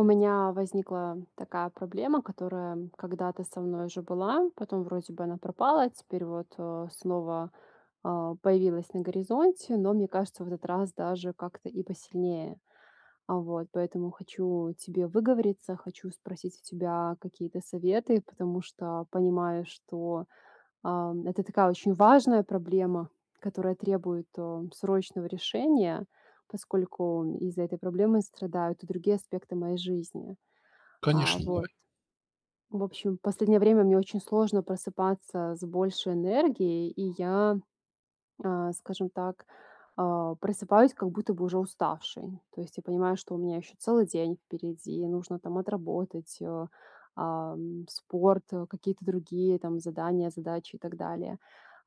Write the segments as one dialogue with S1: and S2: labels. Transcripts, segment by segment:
S1: У меня возникла такая проблема, которая, м, когда-то со мной уже была, потом вроде бы она пропала, а теперь вот, э, снова, а, появилась на горизонте, но мне кажется в этот раз даже как-то и посильнее. А, вот поэтому хочу тебе выговориться, хочу спросить у тебя какие-то советы, потому что понимаю, что, ам, это такая очень важная проблема, которая требует, э, срочного решения, поскольку из-за этой проблемы страдают и другие аспекты моей жизни. А,
S2: Конечно,
S1: вот.
S2: давай.
S1: В общем, последнее время мне очень сложно просыпаться с большей энергией, и я, а, скажем так, а, просыпаюсь как будто бы уже уставшей. То есть, я понимаю, что у меня ещё целый день впереди, нужно там отработать, э, ам, спорт, какие-то другие там задания, задачи и так далее.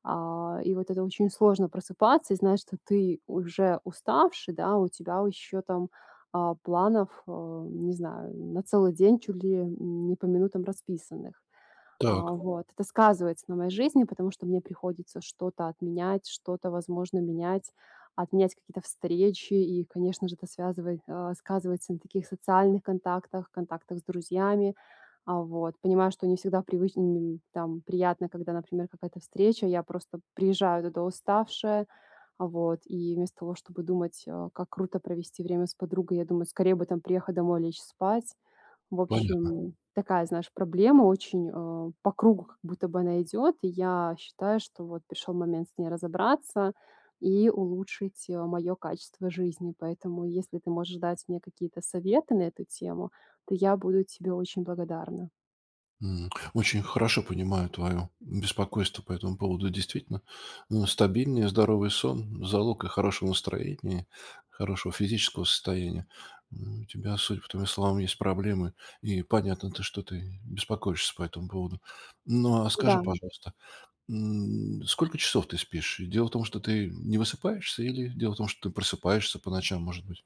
S1: А. И вот это очень сложно просыпаться и знать, что ты уже уставший, да, у тебя, у ещё там, а, планов, э, не знаю, на целый день, чуть ли, не по минутам расписанных. А
S2: Так.
S1: вот, это сказывается на моей жизни, потому что мне приходится что-то отменять, что-то возможно менять, отменять какие-то встречи, и конечно же это связывай а, сказывается на таких социальных контактах, контактах с друзьями. А вот, понимаю, что не всегда привычн нь там приятно, когда например какая-то встреча. Я просто приезжаю туда уставшая. А вот, и вместо того, чтобы думать, э, как круто провести время с подругой, я думаю скорее бы там приехать домой лечь спать. В
S2: Понятно.
S1: общем, такая, знаешь, проблема очень, э, по кругу как будто бы она идёт. И я считаю, что вот пришёл момент с ней разобраться и улучшить, а, моё качество жизни. Поэтому, если ты можешь дать мне какие-то советы на эту тему, то я буду тебе очень благодарна.
S2: М, очень хорошо понимаю твоё беспокойство по этому поводу. Действительно, но стабильнее здоровый сон- залог, э, хорошего настроения, хорошего физического состояния. М, у тебя судя по твоим словам есть проблемы и понятно, то что ты беспокоишься по этому поводу. Но, а скажи,
S1: Дам.
S2: пожалуйста, м, сколько часов ты спишь? И дело в том, что ты не высыпаешься или дело в том, что ты просыпаешься по ночам, может быть?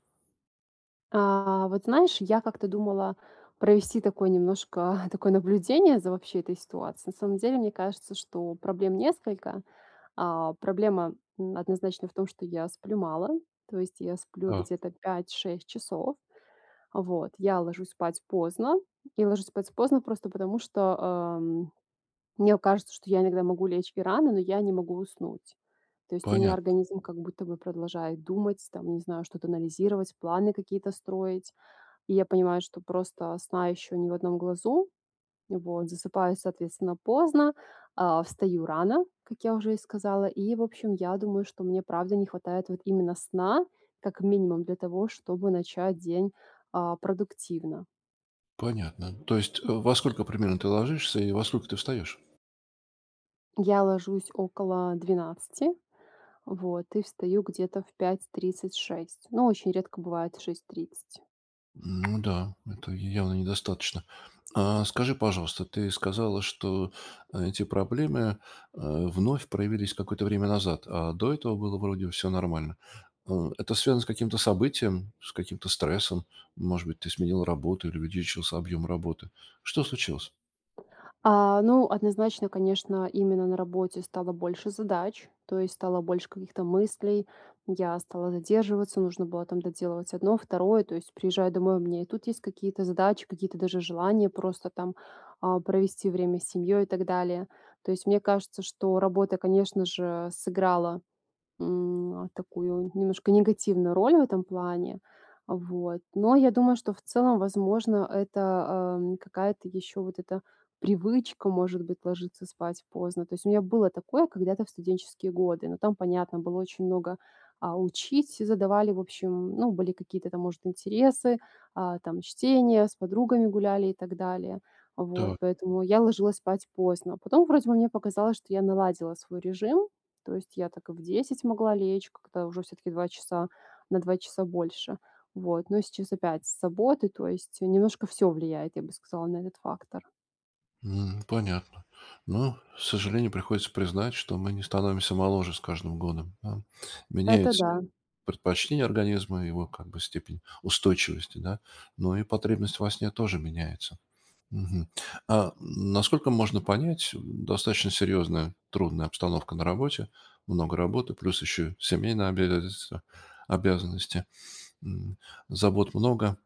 S1: А, вот знаешь, я как-то думала провести такое немножко, такое наблюдение за, вообще, этой ситуацией. На самом деле, мне кажется, что проблем несколько. А, проблема, м, однозначно, в том, что я сплю мало. То есть, я сплю
S2: Так.
S1: где-то 5-6 часов. А вот, я ложусь спать поздно и ложусь спать поздно просто потому, что, ам, мне у кажется, что я иногда могу лечь и рано, но я не могу уснуть. То есть, у меня
S2: Понятно.
S1: организм как будто бы продолжает думать, там не знаю, что-то анализировать, планы какие-то строить. И я понимаю, что просто сна ещё ни в одном глазу, м, вот засыпаю соответственно поздно, а встаю рано, как я уже и сказала. И, в общем, я думаю, что мне, правда, не хватает, вот именно сна, как минимум для того, чтобы начать день, а, продуктивно.
S2: Понятно. То есть, э, во сколько примерно ты ложишься, и во сколько ты встаёшь?
S1: Я ложусь около 12:00 вот, и встаю где-то в 5:30- 6:00, но очень редко бывает в 6:30.
S2: Ну да, это явно недостаточно. А скажи, пожалуйста, ты сказала, что эти проблемы, э, вновь проявились какое-то время назад, а до этого было вроде всё нормально. Э, это связано с каким-то событием, с каким-то стрессом? Может быть, ты сменила работу или увеличился объем работы? Что случилось?
S1: А, ну, однозначно, конечно, именно на работе стало больше задач, то есть стало больше каких-то мыслей. Я стала задерживаться, нужно было там доделывать одно, второе. То есть, приезжаю домой, у меня и тут есть какие-то задачи, какие-то даже желания просто там, а, провести время с семьей и так далее. То есть, мне кажется, что работа, конечно же, сыграла, м, а, такую немножко негативную роль в этом плане. Вот, но я думаю, что в целом возможно это, эм, какая-то ещё вот эта привычка может быть ложиться спать поздно. То есть, у меня было такое когда-то в студенческие годы, но там понятно было очень много, а, учить, э, задавали в общем, ну, были какие-то там может интересы, а, там чтение, с подругами гуляли и так далее. А, вот
S2: Так.
S1: поэтому, я ложилась спать поздно, потом вроде бы мне показалось, что я наладила свой режим, то есть я так и в 10:00 могла лечь, как-то уже всё-таки 2 часа на 2 часа больше. Вот, но сейчас опять с заботы, то есть, э, немножко всё влияет, я бы сказала, на этот фактор.
S2: М, понятно. Но, к сожалению, приходится признать, что мы не становимся моложе с каждым годом, ам.
S1: Это
S2: Меняют се
S1: да.
S2: предпочтения организма, его, как бы, степень устойчивости, да, но и потребность во сне тоже меняется. Мгм. А, насколько можно понять, м, достаточно серьезная, трудная обстановка на работе, много работы, плюс еще семейные обязательства, обязанности, м, забот много,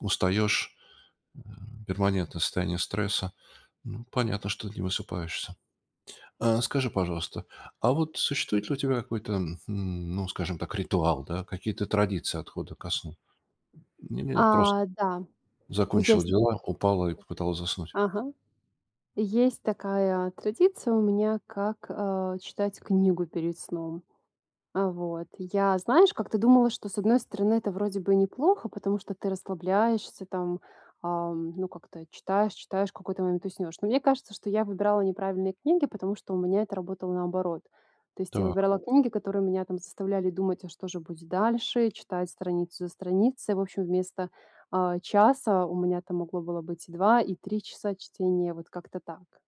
S2: устаешь, э, перманентное состояние стресса. Ну понятно, что не высыпаешься. А скажи, пожалуйста, а вот существует ли у тебя какой-то, хм, ну, скажем так, ритуал, да, какие-то традиции отхода ко сну? Не не прос
S1: А, да.
S2: закончила
S1: Езнь
S2: дела, упала и попыталась заснуть.
S1: Ага. Есть такая традиция у меня, как, э, читать книгу перед сном. А вот я, знаешь, как-то думала, что с одной стороны это вроде бы и неплохо, потому что ты расслабляешься там, ам, ну, как-то читаешь читаешь, в какой-то момент уснёшь. Но мне кажется, что я выбирала неправильные книги, потому что у меня это работало наоборот. То есть я
S2: Так.
S1: выбирала книги, которые меня там заставляли думать: "А что же будет дальше?" Э, читать страницу за страницей. В общем, вместо, а, часа у меня там могло было быть 2 и 3 часа чтения. Вот как-то так.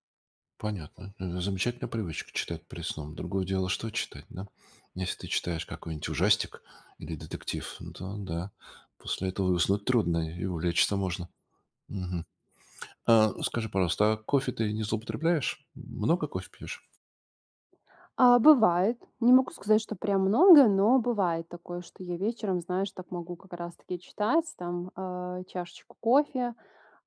S2: Понятно. Это замечательная привычка читать перед сном. Другое дело, что читать, да? Если ты читаешь какой-нибудь ужастик или детектив, ну, то да, после этого и уснуть трудно, и увлечься можно. Мгм. А, скажи, пожалуйста, а кофе ты не злоупотребляешь? Много кофе пьешь?
S1: А, бывает, не могу сказать, что прям много, но бывает такое, что я вечером, знаешь, так могу как раз таки читать там, э, чашечку кофе,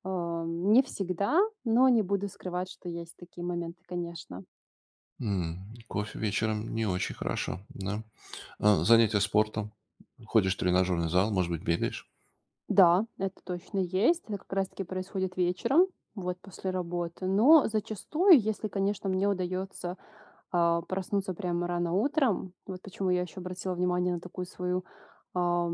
S1: а, не всегда, но не буду скрывать, что есть такие моменты, конечно.
S2: М, кофе вечером- не очень хорошо, да. А занятия спортом? Ходишь в тренажерный зал, может быть, бегаешь?
S1: Да, это точно есть. Это как раз таки происходит вечером, вот после работы. Но зачастую, если, конечно, мне удаётся, а, проснуться прямо рано утром, вот почему я ещё обратила внимание на такую свою, а,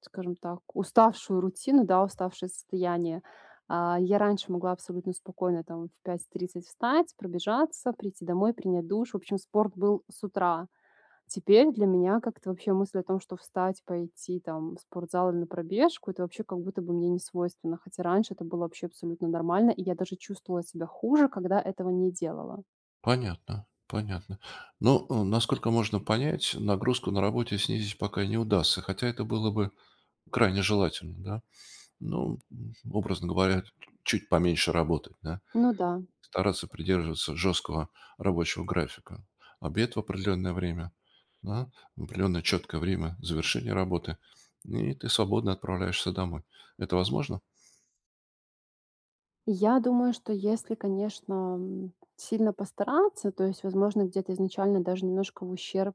S1: скажем так, уставшую рутину, да, уставшее состояние. Э, я раньше могла абсолютно спокойно там в 5:30 встать, пробежаться, прийти домой, принять душ. В общем, спорт был с утра. Теперь для меня как-то вообще мысль о том, что встать, пойти там в спортзал или на пробежку- это вообще как будто бы мне не свойственно, хотя раньше это было вообще абсолютно нормально, и я даже чувствовала себя хуже, когда этого не делала.
S2: Понятно, понятно. Ну, э, насколько можно понять, нагрузку на работе снизить пока не удастся, хотя это было бы крайне желательно, да? Ну, м, образно говоря, т чуть поменьше работать, да,
S1: Ну да.
S2: стараться придерживаться жесткого рабочего графика. Обед в определенное время, да, в определенное четкое время завершение работы- и ты свободно отправляешься домой. Это возможно?
S1: Я думаю, что если, конечно, м, сильно постараться, то есть возможно, где-то изначально даже немножко в ущерб,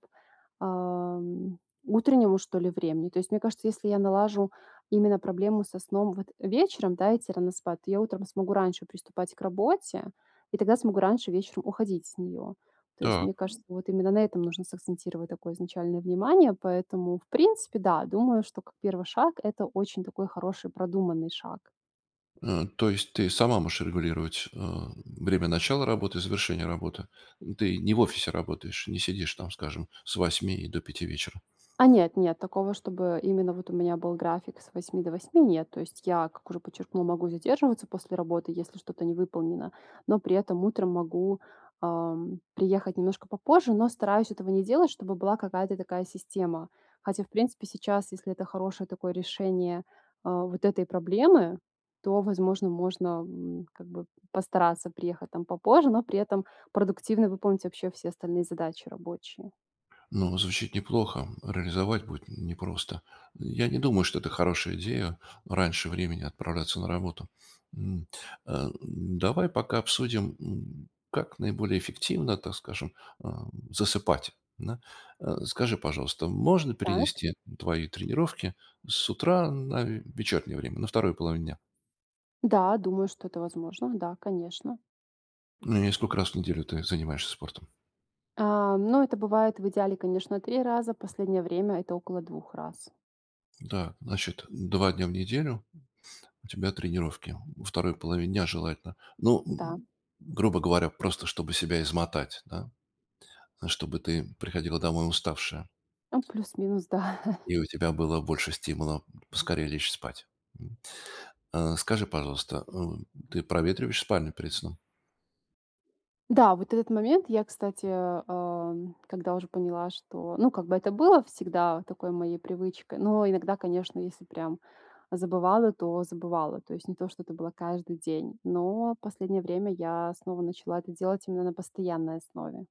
S1: эм, утреннему, что ли, времени. То есть мне кажется, если я налажу именно проблему со сном вот вечером, да, идти рано спать, то я утром смогу раньше приступать к работе- и тогда смогу раньше вечером уходить с неё. То есть
S2: Так.
S1: мне кажется, вот именно на этом нужно сакцентировать такое изначальное внимание. Поэтому, в принципе, да, думаю, что как 1 шаг это очень такой хороший, продуманный шаг.
S2: Э, то есть ты сама можешь регулировать, э, время начала работы и завершения работы? Ты не в офисе работаешь, не сидишь там, скажем, с 8 и до 5 вечера?
S1: А нет, нет такого, чтобы именно вот у меня был график с 8 до 8, нет. То есть я, как уже подчеркнула, могу задерживаться после работы, если что-то не выполнено, но при этом утром могу, эм, приехать немножко попозже, но стараюсь этого не делать, чтобы была какая-то такая система. Хотя в принципе сейчас, если это хорошее такое решение, э, вот этой проблемы, то, возможно, можно, м, как бы постараться приехать там попозже, но при этом продуктивно выполнить вообще все остальные задачи рабочие.
S2: Ну, звучит неплохо, реализовать будет непросто. Я не думаю, что это хорошая идея- раньше времени отправляться на работу. М, э, давай пока обсудим, м, как наиболее эффективно, так скажем, э, засыпать, да. Э, скажи, пожалуйста, можно
S1: Так.
S2: перенести твои тренировки с утра на вечернее время, на 2 половине дня?
S1: Да, думаю, что это возможно. Да, конечно.
S2: Ну и сколько раз в неделю ты занимаешься спортом?
S1: А, ну, это бывает, в идеале, конечно, 3 раза. Последнее время это около 2 раз.
S2: Так значит, 2 дня в неделю у тебя тренировки. Во 2 половине дня желательно. Ну,
S1: Да.
S2: грубо говоря, просто чтобы себя измотать, да, чтобы ты приходила домой уставшая.
S1: Ну, плюс-минус, да.
S2: И у тебя было больше стимула поскорее лечь спать, м. Э, скажи, пожалуйста, э, ты проветриваешь спальню перед сном?
S1: Да, вот этот момент я, кстати, э, когда уже поняла, что, ну, как бы это было всегда такой моей привычкой, но иногда, конечно, если прям забывала, то забывала. То есть не то что это было каждый день, но последнее время я снова начала это делать именно на постоянной основе.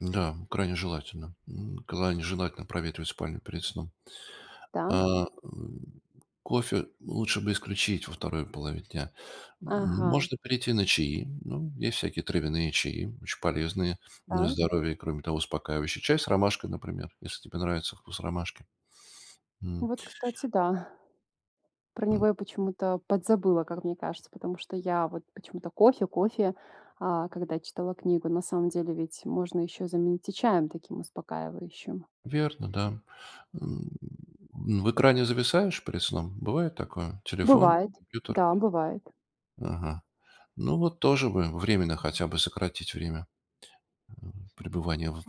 S2: Да, крайне желательно, м. Крайне желательно проветривать спальню перед сном. Э,
S1: Так.
S2: э, кофе лучше бы исключить во 2 половине дня.
S1: Ага.
S2: Можно перейти на чаи. Ну, есть всякие травяные чаи, очень полезные, м, на
S1: Так.
S2: здоровье. Кроме того, успокаивающий чай с ромашкой, например, если тебе нравится вкус ромашки, м.
S1: Вот, кстати, да. Про него
S2: М.
S1: я почему-то подзабыла, как мне кажется. Потому что я вот почему-то: кофе кофе, а, когда читала книгу, на самом деле ведь можно ещё заменить и чаем таким успокаивающим.
S2: Верно, да. М, в экране зависаешь перед сном? Бывает такое? Телефон,
S1: Бывает.
S2: компьютер?
S1: Да, бывает.
S2: Ага. Ну вот тоже бы временно хотя бы сократить время, м, пребывания в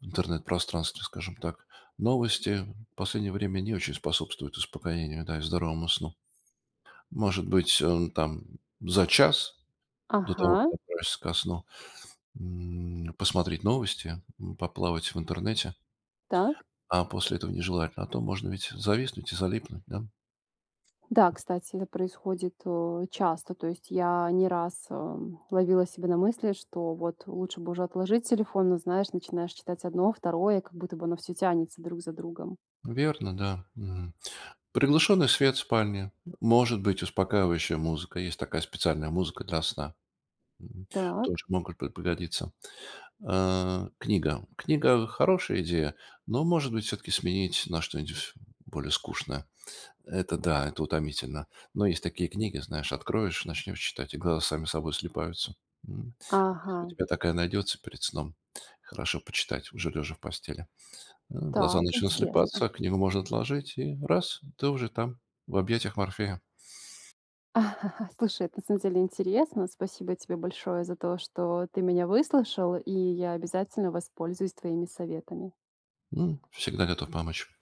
S2: в интернет пространстве, скажем так. Новости последнее время не очень способствуют успокоению, да, и здоровому сну. Может быть, э, там за час до того, как
S1: Ага.
S2: ты отправишься ко сну, м, посмотреть новости, м, поплавать в интернете.
S1: Так.
S2: А после этого нежелательно, а то можно ведь зависнуть и залипнуть, да?
S1: Да, кстати, это происходит, э, часто, то есть я не раз, э, ловила себя на мысли, что вот лучше бы уже отложить телефон, но, знаешь, начинаешь читать 1, 2, как будто бы оно всё тянется друг за другом.
S2: Верно, да, м. Приглушенный свет в спальне, может быть, успокаивающая музыка. Есть такая специальная музыка для сна, м.
S1: Так.
S2: Тоже могут п пригодиться. Э, книга. Книга- хорошая идея, но, может быть, всё-таки сменить на что-нибудь более скучное. Это да, это утомительно. Но есть такие книги, знаешь: откроешь, начнем читать- и глаза сами собой слипаются, м. Если у
S1: Ага.
S2: тебя такая найдется перед сном, хорошо почитать, уже лежа в постели. Э, глаза
S1: Так,
S2: начнут
S1: интересно.
S2: слипаться, а книгу можно отложить- и раз, ты уже там, в объятиях Морфея.
S1: Слушай, это на самом деле интересно. Спасибо тебе большое за то, что ты меня выслушал, и я обязательно воспользуюсь твоими советами.
S2: М, всегда готов помочь.